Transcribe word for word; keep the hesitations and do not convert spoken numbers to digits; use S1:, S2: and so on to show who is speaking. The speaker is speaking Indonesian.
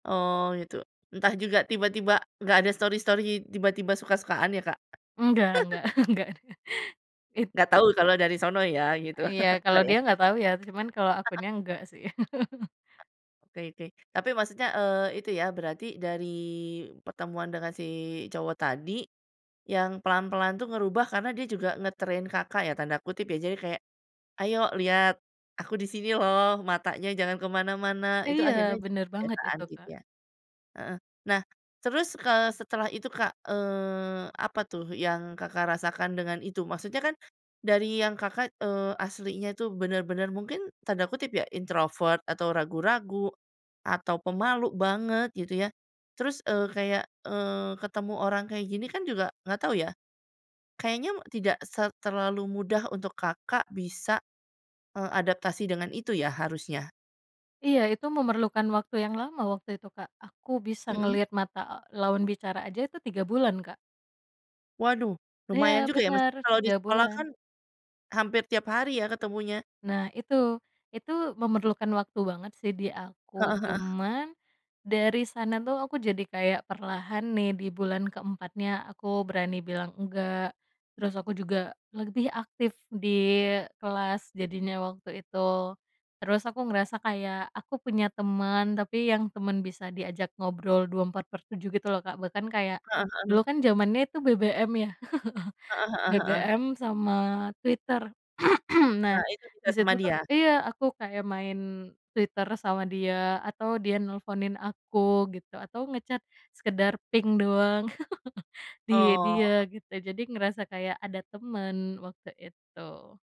S1: Oh gitu. Entah juga tiba-tiba nggak ada story-story, tiba-tiba suka-sukaan ya, Kak?
S2: Enggak enggak enggak, it
S1: Nggak tahu kalau dari sono ya, gitu.
S2: Ah iya, kalau
S1: Nggak ya?
S2: dia nggak tau ya, cuman kalau aku nya enggak sih.
S1: Oke oke, tapi maksudnya, eee, itu ya, berarti dari pertemuan dengan si cowok tadi, yang pelan-pelan tuh ngerubah karena dia juga "nge-train" Kakak ya tanda kutip ya, jadi kayak, "Ayo lihat aku di sini loh, matanya jangan kemana-mana." Itu
S2: Iya,
S1: akhirnya jadi
S2: bener banget
S1: kebiasaan
S2: itu,
S1: gitu
S2: Kak.
S1: ya? Heeh, nah terus, eee, setelah itu, Kak, eee, apa tuh yang Kakak rasakan dengan itu? Maksudnya kan dari yang Kakak, eee, aslinya itu bener-bener mungkin tanda kutip ya, Introvert atau ragu-ragu atau pemalu banget, gitu ya. Terus, eee, kayak, eee, ketemu orang kayak gini kan juga nggak tau ya, kayaknya tidak se terlalu mudah untuk Kakak bisa, eee, adaptasi dengan itu ya, harusnya.
S2: Iya, itu memerlukan waktu yang lama waktu itu, Kak. Aku bisa
S1: Mhm.
S2: ngelihat mata lawan bicara aja itu tiga bulan, Kak.
S1: Waduh,
S2: Iya
S1: lumayan juga ya,
S2: benar,
S1: maksudnya kalau di
S2: tiga
S1: sekolah
S2: bulan.
S1: kan hampir tiap hari ya ketemunya?
S2: Nah itu, itu memerlukan waktu banget sih di aku
S1: Heeh heeh.
S2: cuman, dari sana tuh aku jadi kayak perlahan nih di bulan keempatnya, aku berani bilang enggak, terus aku juga lebih aktif di kelas jadinya waktu itu, terus aku ngerasa kayak aku punya temen tapi yang temen bisa diajak ngobrol dua empat per tujuh, gitu loh, Kak. Bahkan kayak
S1: Heeh
S2: dulu
S1: heeh.
S2: kan zamannya itu BBM ya,
S1: Heeh heeh heeh.
S2: BBM sama Twitter, nah,
S1: Nah itu sudah
S2: disitu
S1: sama
S2: tuh
S1: dia?
S2: iya aku kayak main Twitter sama dia atau dia nelponin aku gitu, atau nge-chat sekedar ping doang, di dia
S1: Oh.
S2: gitu, jadi ngerasa kayak ada temen waktu itu.